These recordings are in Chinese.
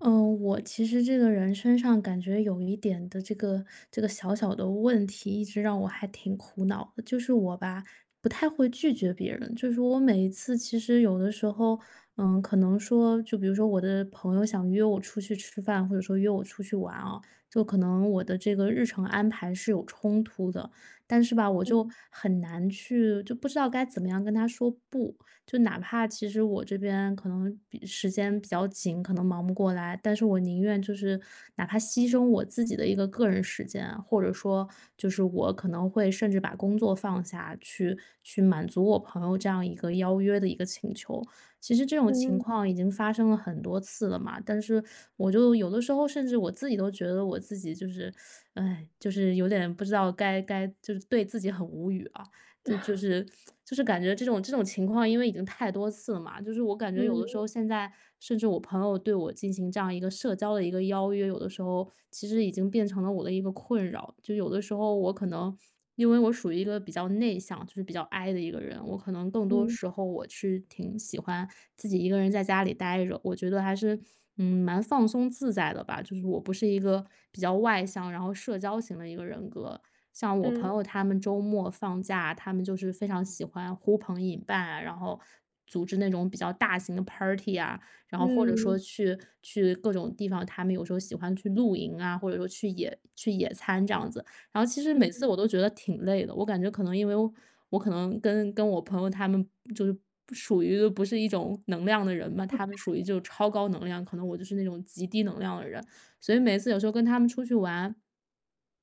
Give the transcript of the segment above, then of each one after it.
呃，我其实这个人身上感觉有一点的这个这个小小的问题，一直让我还挺苦恼的。就是我吧，不太会拒绝别人，就是我每一次其实有的时候，呃，可能说，就比如说我的朋友想约我出去吃饭，或者说约我出去玩哦，就可能我的这个日程安排是有冲突的，但是吧，我就嗯。很难去就不知道该怎么样跟他说不。就哪怕其实我这边可能比时间比较紧，可能忙不过来，但是我宁愿就是哪怕牺牲我自己的一个个人时间啊，或者说就是我可能会甚至把工作放下，去去满足我朋友这样一个邀约的一个请求。其实这种情嗯。况已经发生了很多次了嘛，但是我就有的时候甚至我自己都觉得我自己就是唉，就是有点不知道该该就是对自己很无语啊，这就 是就是感觉这种这种情况因为已经太多次了嘛，就是我感觉有的时嗯。候，现在甚至我朋友对我进行这样一个社交的一个邀约，有的时候其实已经变成了我的一个困扰。就有的时候我可能，因为我属于一个比较内向，就是比较 I 的一个人，我可能更多嗯。时候我是挺喜欢自己一个人在家里呆着，我觉得还是，嗯，蛮放松自在的吧，就是我不是一个比较外向，然后社交型的一个人格，像我朋嗯。友，他们周末放假，他们就是非常喜欢呼朋引伴啊，然后组织那种比较大型的 party 啊，然后或者说嗯。去去各种地方，他们有时候喜欢去露营啊，或者说去野去野餐这样子。然后其实每嗯。次我都觉得挺累的，我感觉可能因为我可能跟跟我朋友他们就是不属于不是一种能量的人嘛，他们属于 [unintelligible] 就是超高能量，可能我就是那种极低能量的人，所以每次有时候跟他们出去玩，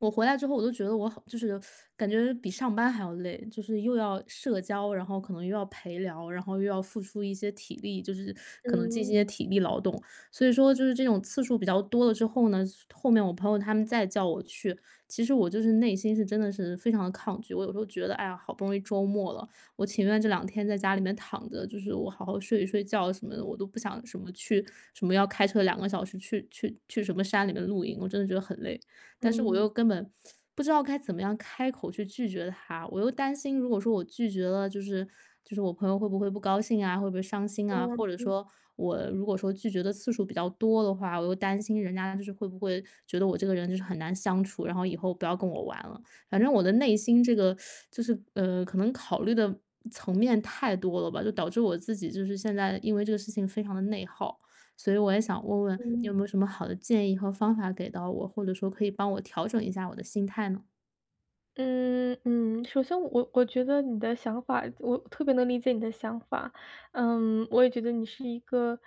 我回来之后，我都觉得我好 就是感觉比上班还要累，就是又要社交，然后可能又要陪聊，然后又要付出一些体力，就是可能进行一嗯。些体力劳动。所以说就是这种次数比较多了之后呢，后面我朋友他们再叫我去，其实我就是内心是真的是非常得抗拒，我有时候觉得，哎呀，好不容易周末了，我情愿这两天在家里面躺着，就是我好好睡一睡觉什么的，我都不想什么去什么要开车2个小时去去去什么山里面露营，我真的觉得很累。但是我嗯。又根本不知道该怎么样开口去拒绝他，我又担心，如果说我拒绝了，就是就是我朋友会不会不高兴啊，会不会伤心啊，啊，或者嗯。说我如果说拒绝的次数比较多的话，我又担心人家就是会不会觉得我这个人就是很难相处，然后以后不要跟我玩了。反正我的内心这个 就是，呃，可能考虑的层面太多了吧，就导致我自己就是现在因为这个事情非常得内耗。所以我也想问问你有嗯。没有什么好的建议和方法给到我，或者说可以帮我调整一下我的心态呢？嗯，嗯。首先我我觉得你的想法我特别能理解你的想法，嗯，我也觉得你是一个，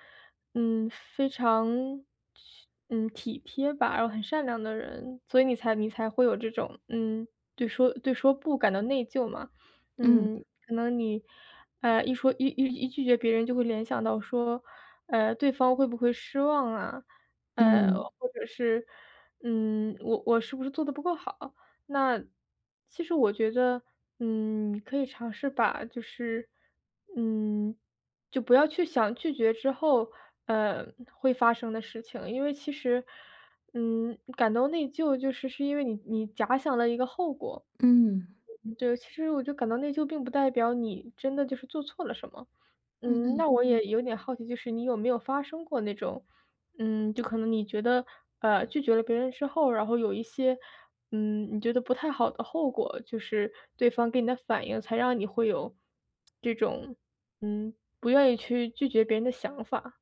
嗯，非常去嗯，体贴吧，然后很善良的人，所以你才你才会有这种，嗯，对说对说不感到内疚嘛，嗯。嗯，可能你，哎，一说一一一拒绝别人就会联想到说，哎，对方会不会失望啊？哎，嗯。或者是，嗯，我我是不是做得不够好？那，其实我觉得，嗯，可以尝试把，就是嗯，就不要去想拒绝之后，呃，会发生的事情，因为其实，嗯，感到内疚就是是因为你你假想了一个后果。嗯。嗯，对，其实我就感到内疚并不代表你真的就是做错了什么。嗯嗯，嗯。那我也有点好奇，就是你有没有发生过那种，嗯，就可能你觉得，呃，拒绝了别人之后，然后有一些，嗯，你觉得不太好的后果？就是对方给你的反应，才让你会有 这种，嗯，不愿意去拒绝别人的想法？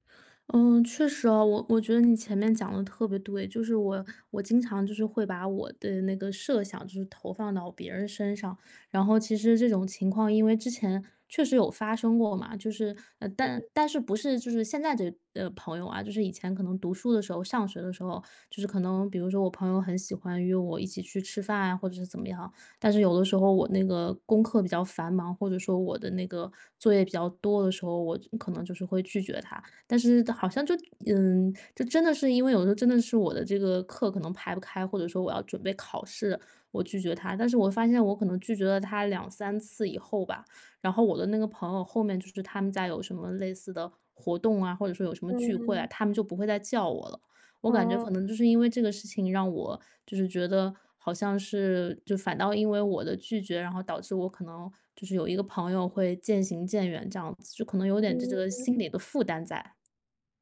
嗯，确实啊，我我觉得你前面讲得特别对，就是我我经常就是会把我的那个设想就是投放到别人身上。然后其实这种情况因为之前，确实有发生过嘛，就是，呃，嗯但嗯。但是不是就是现在这朋友啊，就是以前可能读书的时候，上学的时候，就是可能比如说我朋友很喜欢约我一起去吃饭啊或者是怎么样，但是有的时候我那个功课比较繁忙，或者说我的那个，作业比较多的时候，我可能就是会拒绝他。但是好像就，嗯，就真的是因为有时候真的是我的这个课可能排不开，或者说我要准备考试，我拒绝他，但是我发现我可能拒绝了他2、3次以后吧，然后我的那个朋友后面就是他们家有什么类似的活动啊，或者说有什么聚会啊，嗯。他们就不会再叫我了。我感觉可哦。能就是因为这个事情让我，就是觉得好像是，就反倒因为我的拒绝，然后导致我可能就是有一个朋友会渐行渐远这样子，就可能有点这嗯个嗯。心里的负担在。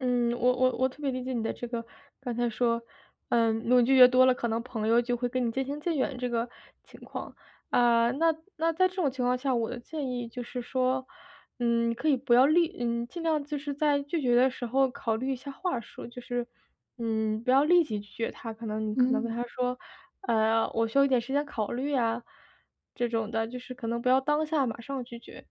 嗯，我我我特别理解你的这个，刚才说，呃，如果拒绝越多了可能朋友就会跟你渐行渐远这个情况，啊，那那在这种情况下，我的建议就是说，嗯，你可以不要立嗯，尽量就是在拒绝的时候考虑一下话术，就是，嗯，不要立即拒绝他，可能可能跟他嗯。说，呃，我需要一点时间考虑啊，这种的就是可能不要当下马上拒绝。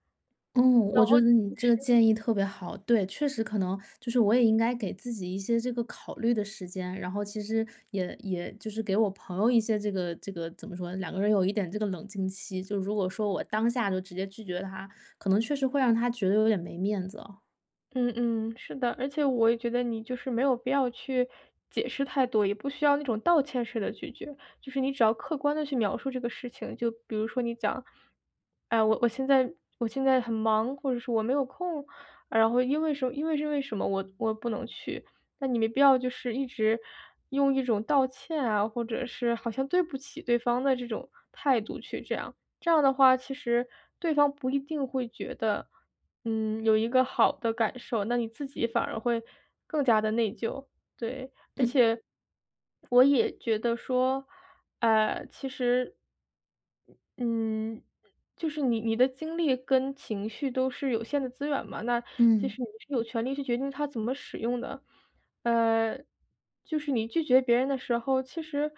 哦，然我觉后就得你这个是建议特别好。对，确实可能就是我也应该给自己一些这个考虑的时间，然后其实也也就是给我朋友一些这个这个怎么说，两个人有一点这个冷静期，就如果说我当下就直接拒绝他，可能确实会让他觉得有点没面子哦。嗯嗯，是的，而且我也觉得你就是没有必要去解释太多，也不需要那种道歉式的拒绝，就是你只要客观地去描述这个事情。就比如说你讲，哎，我我现在我现在很忙，或者是我没有空，然后因为什因为是为什么我我不能去。那你没必要就是一直用一种道歉啊，或者是好像对不起对方的这种态度去这样，这样的话其实对方不一定会觉得，嗯，有一个好的感受，那你自己反而会更加得内疚。对，而嗯。且我也觉得说，呃，其实嗯，就是你你的精力跟情绪都是有限的资源嘛，那就嗯。是你是有权利去决定它怎么使用的。呃，就是你拒绝别人的时候，其实，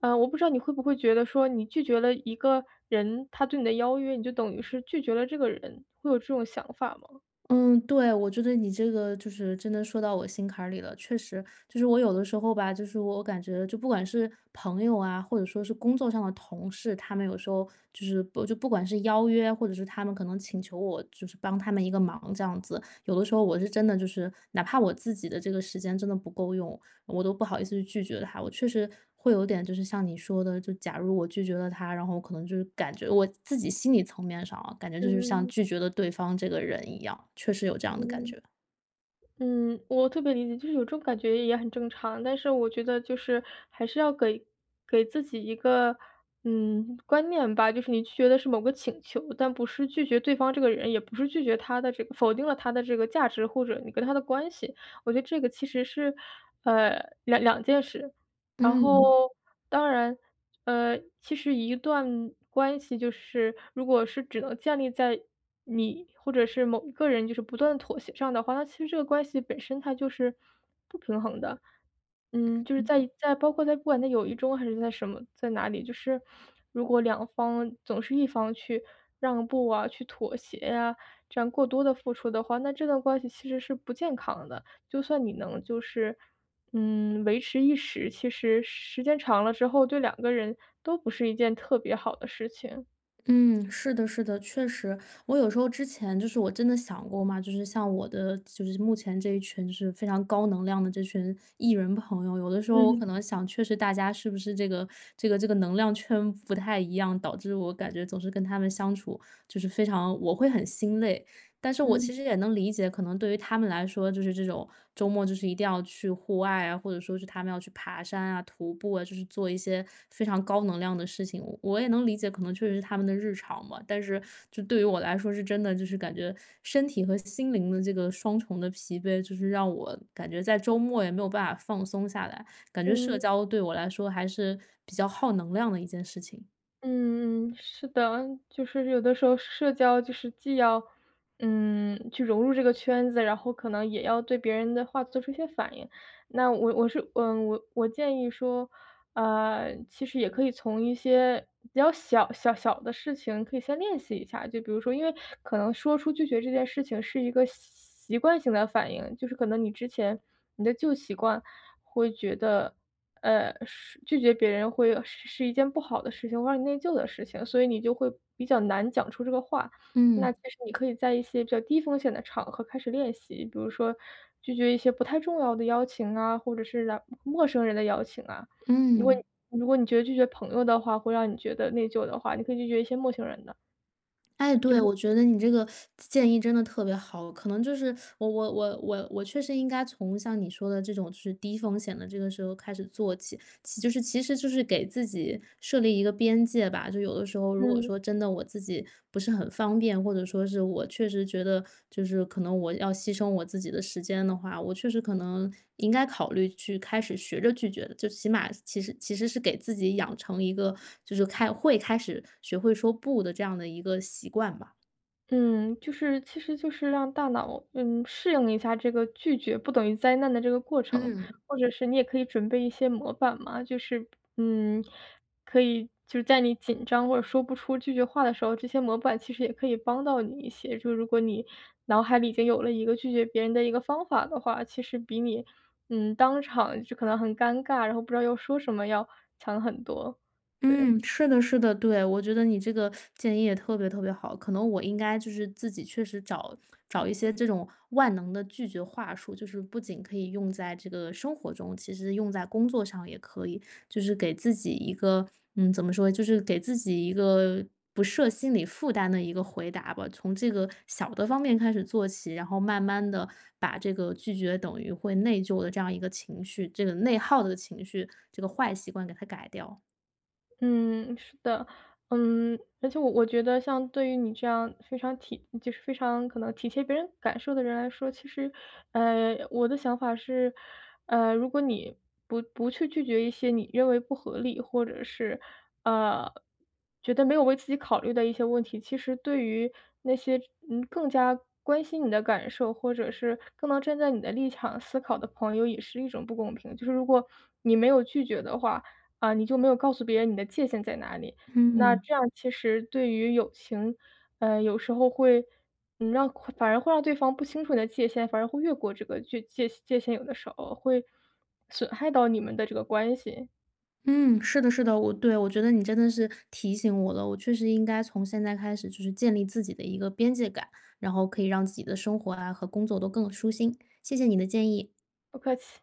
呃，我不知道你会不会觉得说你拒绝了一个人，他对你的邀约，你就等于是拒绝了这个人，会有这种想法吗？嗯，对，我觉得你这个就是真的说到我心坎儿里了。确实，就是我有的时候吧，就是我感觉就不管是朋友啊，或者说是工作上的同事，他们有时候就是不就不管是邀约，或者是他们可能请求我，就是帮他们一个忙这样子。有的时候我是真的就是，哪怕我自己的这个时间真的不够用，我都不好意思拒绝他。我确实会有点就是像你说的，就假如我拒绝了他，然后可能就是感觉我自己心理层面上哦，感觉就是像嗯。拒绝了对方这个人一样，确实有这样的感嗯。觉。嗯，我特别理解，就是有这种感觉也很正常，但是我觉得就是还是要给给自己一个，嗯，观念吧，就是你拒绝的是某个请求，但不是拒绝对方这个人，也不是拒绝他的这个否定了他的这个价值，或者你跟他的关系，我觉得这个其实是，呃，两两件事。然后嗯。当然，呃，其实一段关系就是如果是只能建立在你或者是某一个人就是不断妥协上的话，那其实这个关系本身它就是不平衡的。嗯，就是嗯。在在包括在不管在友谊中还是在什么，在哪里，就是如果两方总是一方去让步啊，去妥协啊，这样过多地付出的话，那这段关系其实是不健康的。就算你能就是，嗯，维持一时，其实时间长了之后，对两个人都不是一件特别好的事情。嗯，是的是的，确实，我有时候之前，就是我真的想过嘛，就是像我的，就是目前这一群就是非常高能量的这群 E 人朋友，有的时候我嗯。可能想确实大家是不是这个这个这个能量圈不太一样，导致我感觉总是跟他们相处，就是非常我会很心累。但是我嗯。其实也能理解，可能对于他们来说就是这种周末就是一定要去户外啊，或者说是他们要去爬山啊，徒步啊，就是做一些非常高能量的事情，我也能理解，可能确实是他们的日常吧。但是这对于我来说是真的，就是感觉身体和心灵的这个双重的疲惫，就是让我感觉在周末也没有办法放松下来，感觉社嗯。交对我来说还是比较耗能量的一件事情。嗯，是的，就是有的时候社交就是既要，嗯，去融入这个圈子，然后可能也要对别人的话做出一些反应。那我我是，嗯，我我建议说，啊，其实也可以从一些比较小小小的事情可以先练习一下，就比如说因为可能说出拒绝这件事情是一个习惯性的反应，就是可能你之前，你的旧习惯会觉得，呃，是拒绝别人会是是一件不好的事情，会让你内疚的事情，所以你就会比较难讲出这个话。那嗯。其实你可以在一些比较低风险的场合开始练习，比如说拒绝一些不太重要的邀请啊，或者是陌生人的邀请啊。如果嗯。如果你觉得拒绝朋友的话，会让你觉得内疚的话，你可以拒绝一些陌生人的。诶，就对，是我觉得你这个 建议真的特别好，可能就是 我我我我我确实应该从像你说的这种就是低风险的这个时候开始做起，其实就是其实就是给自己设立一个边界吧。就有的时候如果嗯。说真的我自己不是很方便，或者说是我确实觉得就是可能我要牺牲我自己的时间的话，我确实可能应该考虑去开始学着拒绝的，最起码其实其实是给自己养成一个就是，开会开始学会说“不”的这样的一个习惯吧。嗯，就是其实就是让大脑，嗯，适应一下这个拒绝不等于灾难的这个过程。嗯。或者是你也可以准备一些模板嘛，就是，嗯，可以就是在你紧张或者说不出拒绝话的时候，这些模板其实也可以帮到你一些，就如果你脑海里已经有了一个拒绝别人的一个方法的话，其实比你，嗯，当场就可能很尴尬然后不知道要说什么要强很多，对。嗯，是的是的，对，我觉得你这个 建议也特别特别好。可能我应该就是自己确实找找一些这种万能的拒绝话术，就是不仅可以用在这个生活中，其实用在工作上也可以。就是给自己一个嗯，怎么说，就是给自己一个不设心理负担的一个回答吧，从这个小的方面开始做起，然后慢慢地把这个拒绝等于会内疚的这样一个情绪，这个内耗的情绪，这个坏习惯给它改掉。嗯，是的。嗯，而且我我觉得像对于你这样非常体就是非常可能体贴别人感受的人来说，其实，呃，我的想法是，呃，如果你不不去拒绝一些你认为不合理或者是，呃，觉得没有为自己考虑的一些问题，其实对于那些，嗯，更加关心你的感受，或者是更能站在你的立场思考的朋友也是一种不公平。就是如果你没有拒绝的话，啊，你就没有告诉别人你的界限在哪里，那嗯。这样其实对于友情，呃，有时候会，呃，让反而会让对方不清楚你的界限，反而会越过这个具界界限有的时候，会损害到你们的这个关系。嗯，是的是的，我对，我觉得你真的是提醒我了，我确实应该从现在开始就是建立自己的一个边界感，然后可以让自己的生活啊和工作都更舒心。谢谢你的建议。不客气。